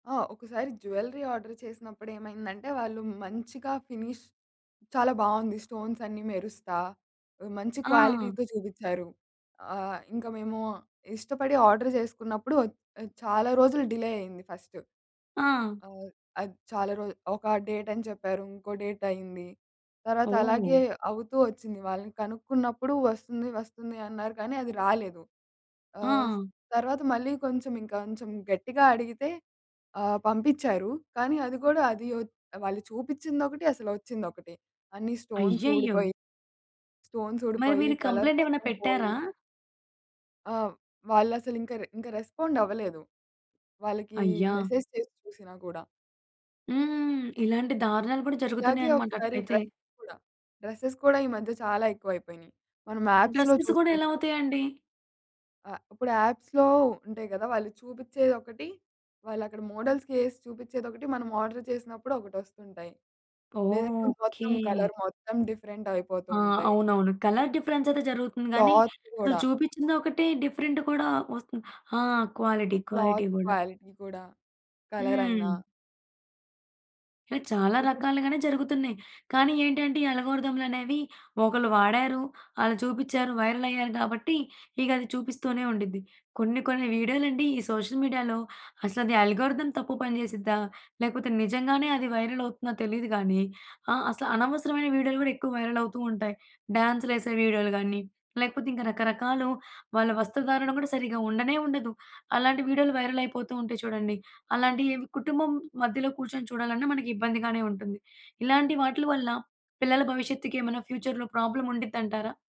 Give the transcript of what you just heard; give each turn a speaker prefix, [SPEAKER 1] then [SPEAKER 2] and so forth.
[SPEAKER 1] ఆ! ఒకసారి jewellery order చేసినప్పుడు ఏమైందంటే వాళ్ళు మంచిగా ఫినిష్ చాలా బావుంది. స్టోన్స్ అన్నీ మెరుస్తా, ఆహ్, మంచి
[SPEAKER 2] ఆ!
[SPEAKER 1] క్వాలిటీతో జూబిచ్చారు. ఆహ్, ఇంకా మేము ఇష్టపడి ఆర్డర్ జేసుకున్నప్పుడు ఒచ్ ఆహ్, చాలా రోజులు డిలే అయింది ఫస్ట్.
[SPEAKER 2] ఆ!
[SPEAKER 1] ఆహ్, అది చాలా రోజు ఒక డేట్ అని చెప్పారు, ఇంకో డేట్ అయింది. తర్వాత అలాగే
[SPEAKER 2] ఓహ్!
[SPEAKER 1] అవుతూ ఒచ్చింది. వాళ్ళని కనుక్కున్నప్పుడు వస్తుంది, వస్తుంది అన్నారు కానీ అది రాలేదు. ఆహ్,
[SPEAKER 2] ఆ!
[SPEAKER 1] తర్వాత మళ్ళీ కొంచెం ఇంకొంచెం గట్టిగా అడిగితే ఆహ్, పంపిచ్చారు. కానీ అది గూడా అది ఒచ్ వాళ్ళు చూపించిందొకటి, అసలు ఒచ్చిందొకటి. అన్ని స్టోన్స్
[SPEAKER 2] అయ్యయ్యో!
[SPEAKER 1] ఊడిపోయి... స్టోన్స్
[SPEAKER 2] మరి
[SPEAKER 1] ఊడిపోయి,
[SPEAKER 2] మీరు
[SPEAKER 1] కలర్
[SPEAKER 2] కంప్లెయింట్ ఏమన్నా
[SPEAKER 1] మొత్తం పోయి
[SPEAKER 2] పెట్టారా?
[SPEAKER 1] ఆ! వాళ్ళసలు ఇంక రె ఇంక రెస్పాండవ్వలేదు. వాళ్ళకి
[SPEAKER 2] అయ్యా!
[SPEAKER 1] మెసేజ్ చేసి చూసినా గూడా.
[SPEAKER 2] హ్మ్. ఇలాంటి దారుణాలు గూడా
[SPEAKER 1] ఇలాగే
[SPEAKER 2] జరుగుతున్నాయన్నమాట.
[SPEAKER 1] ఒకసారి
[SPEAKER 2] అట్లైతే.
[SPEAKER 1] డ్రెసెస్ గూడా. డ్రెసెస్ గూడా ఈ మధ్య చాలా ఎక్కువైపోయినయి. మనం యాప్స్‌లో
[SPEAKER 2] డ్రెసెస్ గూడా ఎలా
[SPEAKER 1] చూసుకుంటం.
[SPEAKER 2] అవుతయండి?
[SPEAKER 1] ఆహ్, ఇప్పుడు యాప్స్‌లో ఉంటాయి గదా! వాళ్ళు చూపిచ్చేయి ఒకటి, వాళ్ళక్కడ మోడల్స్‌కి ఏసి చూపిచ్చేది ఒకటి, మనం ఆర్డర్ చేసినప్పుడు ఒకటొస్తుంటాయి.
[SPEAKER 2] ఓహ్!
[SPEAKER 1] లేదంటే
[SPEAKER 2] ఓకే.
[SPEAKER 1] మొత్తం కలర్ మొత్తం డిఫరెంట్ అయిపోతూ
[SPEAKER 2] ఆ!
[SPEAKER 1] ఉంటాయి.
[SPEAKER 2] అవునవును. కలర్ డిఫరెన్స్ అయితే జరుగుతుంది గానీ,
[SPEAKER 1] క్లాత్
[SPEAKER 2] అసలు
[SPEAKER 1] గూడా
[SPEAKER 2] చూపిచ్చింది ఒకటి, డిఫరెంట్ కూడా ఒస్తు ఆ! క్వాలిటీ క్వాలిటీ
[SPEAKER 1] క్లాత్
[SPEAKER 2] గూడా.
[SPEAKER 1] క్వాలిటీ గూడా. కలర్ అయినా
[SPEAKER 2] హ్మ్. ఇలా చాలా
[SPEAKER 1] ఇపుడు
[SPEAKER 2] రకాలుగానే జరుగుతున్నాయి. కానీ ఏంటంటే ఈ అల్గారిథంలనేవి ఒకళ్ళు వాడారు, అలా చూపిచ్చారు, వైరల్ అయ్యారు గాబట్టి ఇగది చూపిస్తూనే ఉండిద్ది. కొన్ని కొన్ని వీడియోలండి ఈ సోషల్ మీడియాలో అసలది అల్గారిథం తప్పు పని చేసిద్దా? లేకపోతే నిజంగానే అది వైరల్ అవుతుందా తెలీదు గానీ, ఆ! అసలు అనవసరమైన వీడియోలు గూడా ఎక్కువ వైరల్ అవుతూ ఉంటాయి. డాన్సులేసే వీడియోలు గాని, లేకపోతే ఇంకా రకరకాలు వాళ్ళ వస్త్రధారణ గూడా సరిగ్గా ఉండనే ఉండదు. అలాంటి వీడియోలు వైరల్ అయిపోతూ ఉంటయి చూడండి. అలాంటి ఇవ్ కుటుంబం మధ్యలో కూర్చొని చూడాలన్నా మనకి ఇబ్బందిగానే ఉంటుంది. ఇలాంటి వాట్లు వల్ల పిల్లల భవిష్యత్తుకి ఏమైనా ఫ్యూచర్‌లో ప్రాబ్లమ్ ఉండిద్దంటారా?